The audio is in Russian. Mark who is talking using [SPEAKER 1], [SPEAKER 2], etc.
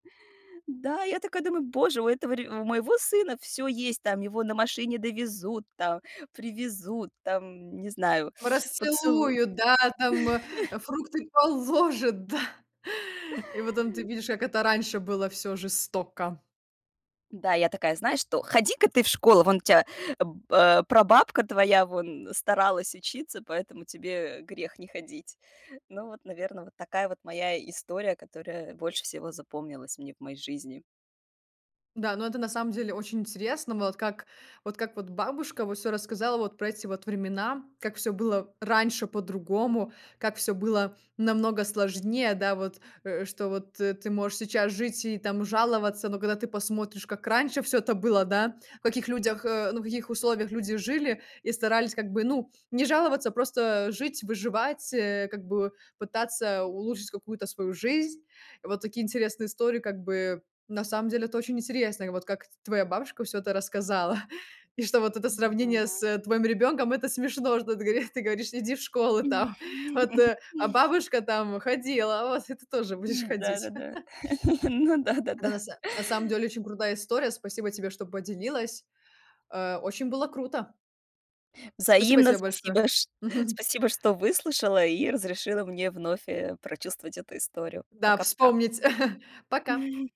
[SPEAKER 1] Да, я такая думаю: "Боже, у этого ре у моего сына всё есть, там, его на машине довезут, там, привезут, там, не знаю, поцелу"
[SPEAKER 2] Расцелуют, да, там фрукты положaт, да; и потом ты видишь, как это раньше было всё жестоко.
[SPEAKER 1] Да, я такая: "Знаешь что, ходи-ка ты в школу, вон у тя б э, прабабка твоя вон старалась учиться, поэтому тебе грех не ходить". Ну вот, наверно, вот такая вот моя история, которая больше всего запомнилась мне в моей жизни.
[SPEAKER 2] Да, ну, это на самом деле очень интересно. Вот как вот как вот бабушка вот всё рассказала вот про эти вот времена. Как всё было раньше по-другому. Как всё было намного сложнее. Да вот э, что, вот, э, ты можешь сейчас жить и там жаловаться, но когда ты посмотришь, как раньше всё это было, да, в каких людях э, ну, в каких условиях люди жили и старались как бы, ну, не жаловаться, просто жить, выживать, э, как бы пытаться улучшить какую-то свою жизнь. Вот такие интересные истории. Как бы, на самом деле, это очень интересно, вот как т твоя бабушка всё это рассказала. И что вот это
[SPEAKER 1] Мгм.
[SPEAKER 2] сравнение с твоим ребенком- это смешно, что ты говори ты говоришь: "Иди в школу там, вот, а бабушка там ходила, вот, и ты тоже будешь
[SPEAKER 1] М,
[SPEAKER 2] ходить"..
[SPEAKER 1] да-да-да. Ну
[SPEAKER 2] Да, на
[SPEAKER 1] да-да-да.
[SPEAKER 2] с На самом деле очень крутая история. Спасибо тебе, что поделилась. Э, очень было круто. Спасибо
[SPEAKER 1] Взаимно.
[SPEAKER 2] тебе большое!
[SPEAKER 1] Спасибо, чт
[SPEAKER 2] Мгм.
[SPEAKER 1] спасибо, что выслушала и разрешила мне вновь, э, прочувствовать эту историю.
[SPEAKER 2] Да,
[SPEAKER 1] Пока-пока.
[SPEAKER 2] вспомнить. Пока.